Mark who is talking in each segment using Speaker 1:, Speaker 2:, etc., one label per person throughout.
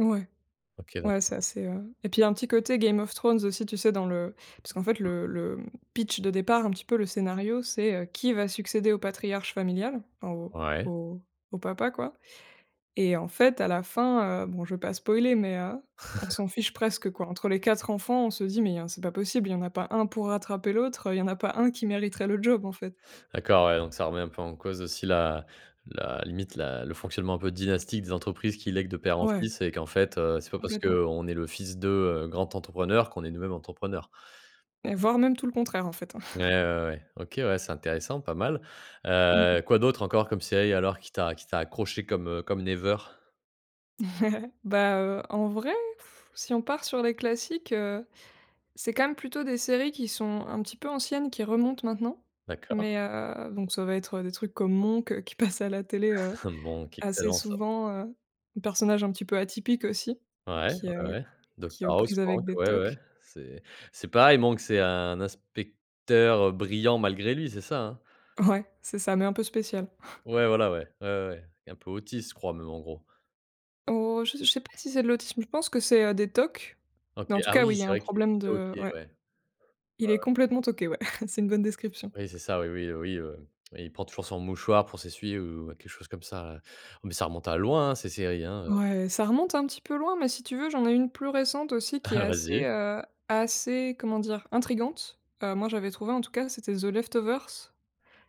Speaker 1: Ouais,
Speaker 2: OK
Speaker 1: ouais,
Speaker 2: d'accord.
Speaker 1: ça c'est, heu et puis, un petit côté Game of Thrones aussi, tu sais, dans le parce qu'en fait,
Speaker 2: Mmh
Speaker 1: le
Speaker 2: mh.
Speaker 1: le, mmh, pitch de départ, un petit peu le scénario, c'est, heu, qui va succéder au patriarche familial, en au
Speaker 2: Ouais.
Speaker 1: au au papa, quoi et en fait, à la fin, heu, bon, je vais pas spoiler mais, heu, on s'en fiche presque, quoi. Entre les 4 enfants, on se dit mais, hein, c'est pas possible, il y en a pas un pour rattraper l'autre, il y en a pas un qui mériterait le job, en fait.
Speaker 2: D'accord, ouais. Donc, ça remet un peu en cause aussi la la limite, la le fonctionnement un peu dynastique des entreprises qui lèguent de père en
Speaker 1: Ouais.
Speaker 2: fils et qu'en fait, heu, c'est pas parce
Speaker 1: Complètement.
Speaker 2: qu'on est le fils de, heu, grand entrepreneur qu'on est nous-mêmes entrepreneurs.
Speaker 1: Et voire même tout le contraire en fait, hein.
Speaker 2: Ouais, ouais, ouais. OK, ouais. C'est intéressant pas mal,
Speaker 1: Mmh.
Speaker 2: heu, quoi d'autres encore comme séries alors qui t'a qui t'a accroché comme, heu, comme Never?
Speaker 1: Bah, heu, en vrai, si on part sur les classiques, heu, c'est quand même plutôt des séries qui sont un petit peu anciennes qui remontent maintenant.
Speaker 2: D'accord.
Speaker 1: Mais, heu, donc ça va être, heu, des trucs comme Monk, heu, qui passe à la télé, heu,
Speaker 2: Monk,
Speaker 1: assez
Speaker 2: excellent ça.
Speaker 1: souvent, heu, un personnage un petit peu atypique aussi
Speaker 2: Ouais,
Speaker 1: qui,
Speaker 2: ouais,
Speaker 1: heu,
Speaker 2: ouais,
Speaker 1: qui est
Speaker 2: Docteur
Speaker 1: aux
Speaker 2: House,
Speaker 1: prises avec
Speaker 2: Monk,
Speaker 1: des
Speaker 2: ouais, ouais.
Speaker 1: tocs.
Speaker 2: C'est c'est pareil, Monk, c'est un inspecteur brillant malgré lui, c'est ça, hein?
Speaker 1: Ouais, c'est ça mais un peu spécial.
Speaker 2: Ouais, voilà, ouais, ouais, ouais, un peu autiste, je crois même, en gros.
Speaker 1: Oh je je sais pas si c'est de l'autisme, je pense que c'est, heu, des TOC.
Speaker 2: OK,
Speaker 1: Mais, en tout
Speaker 2: ah
Speaker 1: cas,
Speaker 2: oui.
Speaker 1: oui, il y a
Speaker 2: C'est
Speaker 1: un
Speaker 2: vrai que
Speaker 1: problème
Speaker 2: OK,
Speaker 1: de
Speaker 2: ouais.
Speaker 1: ouais.
Speaker 2: Ouais,
Speaker 1: Il
Speaker 2: ouais.
Speaker 1: est complètement toqué, ouais. C'est une bonne description.
Speaker 2: Oui, c'est ça. Oui, oui, oui, heu, il prend toujours son mouchoir pour s'essuyer ou quelque chose comme ça, ouais. Mais ça remonte à loin, ces séries, hein, heu
Speaker 1: Ouais, ça remonte un petit peu loin mais, si tu veux, j'en ai une plus récente aussi qui est
Speaker 2: Vas
Speaker 1: assez,
Speaker 2: y.
Speaker 1: heu, assez, comment dire, intrigante. Heu, moi, j'avais trouvé, en tout cas, c'était The Left Overse,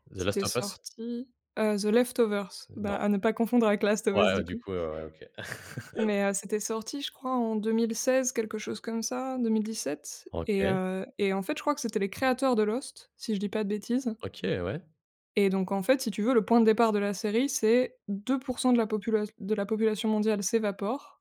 Speaker 2: The Last
Speaker 1: c'était
Speaker 2: of Us?
Speaker 1: sorti, heu, the Left Overse, bah,
Speaker 2: Non.
Speaker 1: à ne pas confondre avec Last of Us,
Speaker 2: Ouais,
Speaker 1: du
Speaker 2: du
Speaker 1: coup
Speaker 2: coup, ouais, ouais, OK.
Speaker 1: mais, heu, c'était sorti, je crois, en 2016 quelque chose comme ça, 2017 et
Speaker 2: OK.
Speaker 1: heu et en fait, je crois que c'était les créateurs de Lost, si je dis pas de bêtises
Speaker 2: OK, ouais.
Speaker 1: et donc, en fait, si tu veux le point de départ de la série c'est 2 % de la popula de la population mondiale s'évapore